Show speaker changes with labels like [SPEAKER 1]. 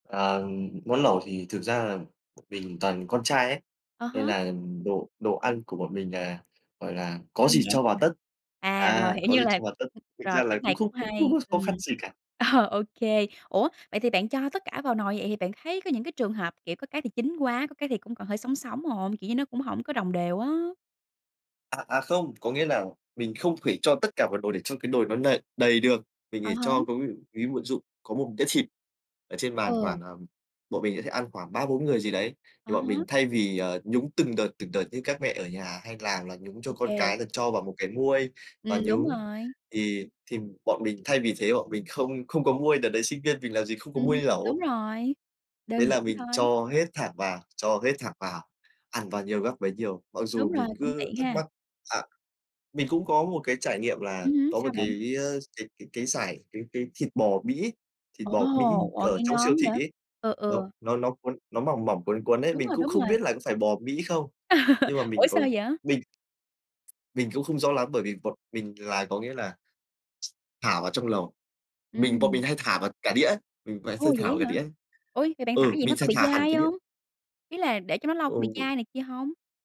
[SPEAKER 1] Ờ, món lẩu thì thực ra là mình toàn con trai ấy,
[SPEAKER 2] À
[SPEAKER 1] nên
[SPEAKER 2] há.
[SPEAKER 1] là đồ đồ ăn của bọn mình nà, gọi là, có
[SPEAKER 2] Đơn
[SPEAKER 1] gì
[SPEAKER 2] giản,
[SPEAKER 1] cho vào
[SPEAKER 2] à.
[SPEAKER 1] tất,
[SPEAKER 2] À, rồi,
[SPEAKER 1] à,
[SPEAKER 2] hiểu,
[SPEAKER 1] có
[SPEAKER 2] như
[SPEAKER 1] gì
[SPEAKER 2] là
[SPEAKER 1] cho vào tất. Thực
[SPEAKER 2] rồi,
[SPEAKER 1] ra là
[SPEAKER 2] cách
[SPEAKER 1] cũng
[SPEAKER 2] này
[SPEAKER 1] không
[SPEAKER 2] cũng
[SPEAKER 1] không có
[SPEAKER 2] hay,
[SPEAKER 1] có khó
[SPEAKER 2] ừm.
[SPEAKER 1] khăn gì cả.
[SPEAKER 2] Ờ, ô kê. Ủa, vậy thì bạn cho tất cả vào nồi vậy thì bạn thấy có những cái trường hợp, kiểu, có cái thì chín quá, có cái thì cũng còn hơi sống sống hông? Kiểu như nó cũng hổng có đồng đều á.
[SPEAKER 1] À, à không, có nghĩa là mình không thể cho tất cả mọi đồ để cho cái nồi nó nầy đầy được. Mình
[SPEAKER 2] À
[SPEAKER 1] phải
[SPEAKER 2] há.
[SPEAKER 1] cho có nghĩa ví [unintelligible] dụ có một đĩa thịt ở trên bàn khoảng,
[SPEAKER 2] Ừ.
[SPEAKER 1] ờ bọn mình sẽ ăn khoảng 3-4 người gì đấy, thì
[SPEAKER 2] À
[SPEAKER 1] bọn
[SPEAKER 2] há.
[SPEAKER 1] mình thay vì, ờ, nhúng từng đợt, từng đợt như các mẹ ở nhà hay làm là nhúng cho
[SPEAKER 2] Ô
[SPEAKER 1] con
[SPEAKER 2] kê.
[SPEAKER 1] cái là cho vào một cái muôi và
[SPEAKER 2] Ừm, đúng
[SPEAKER 1] nhúng,
[SPEAKER 2] rồi.
[SPEAKER 1] thì thì bọn mình thay vì thế bọn mình không không có muôi. Đợt đấy sinh viên mình làm gì không có
[SPEAKER 2] Ừm,
[SPEAKER 1] muôi
[SPEAKER 2] đúng
[SPEAKER 1] lẩu.
[SPEAKER 2] rồi,
[SPEAKER 1] Thế
[SPEAKER 2] đơn giản
[SPEAKER 1] là mình
[SPEAKER 2] thôi.
[SPEAKER 1] cho hết thẳng vào, cho hết thẳng vào. Ăn bao nhiêu gắp bấy nhiêu, mặc
[SPEAKER 2] Đúng
[SPEAKER 1] dù
[SPEAKER 2] rồi,
[SPEAKER 1] mình
[SPEAKER 2] cũng
[SPEAKER 1] cứ
[SPEAKER 2] tiện
[SPEAKER 1] thắc
[SPEAKER 2] ha.
[SPEAKER 1] mắc À. Mình cũng có một cái trải nghiệm là
[SPEAKER 2] Ừm hứm,
[SPEAKER 1] có một
[SPEAKER 2] sao bạn?
[SPEAKER 1] cái, ờ, d cái cái cái dải cái cái thịt bò Mỹ thịt
[SPEAKER 2] Ồ,
[SPEAKER 1] bò Mỹ
[SPEAKER 2] ồ,
[SPEAKER 1] ở
[SPEAKER 2] nghe
[SPEAKER 1] trong
[SPEAKER 2] ngon
[SPEAKER 1] siêu thị
[SPEAKER 2] quá vậy?
[SPEAKER 1] ấy,
[SPEAKER 2] Ừ,
[SPEAKER 1] nó
[SPEAKER 2] ừ.
[SPEAKER 1] nó nó cuốn, nó mỏng mỏng, cuốn cuốn ấy,
[SPEAKER 2] Đúng
[SPEAKER 1] mình
[SPEAKER 2] rồi,
[SPEAKER 1] cũng
[SPEAKER 2] đúng
[SPEAKER 1] không
[SPEAKER 2] rồi.
[SPEAKER 1] biết là có phải bò Mỹ không. Nhưng mà mình
[SPEAKER 2] Ủa sao
[SPEAKER 1] còn
[SPEAKER 2] vậy?
[SPEAKER 1] mình Mình cũng không rõ lắm, bởi vì bọn mình là có nghĩa là, thả vào trong lẩu. Mình bọn mình
[SPEAKER 2] Ừm.
[SPEAKER 1] hay thả vào cả đĩa ấy, mình vẫn thư
[SPEAKER 2] Ồ,
[SPEAKER 1] thả
[SPEAKER 2] vậy
[SPEAKER 1] vào cả
[SPEAKER 2] á hả?
[SPEAKER 1] đĩa ấy.
[SPEAKER 2] Ôi, vậy bạn thả
[SPEAKER 1] Ừ,
[SPEAKER 2] vậy nó
[SPEAKER 1] mình
[SPEAKER 2] có
[SPEAKER 1] sẽ
[SPEAKER 2] bị
[SPEAKER 1] thả hẳn
[SPEAKER 2] dai
[SPEAKER 1] cái đĩa
[SPEAKER 2] hông? Ý là để cho nó lâu có bị
[SPEAKER 1] Ừ.
[SPEAKER 2] dai này kia hông?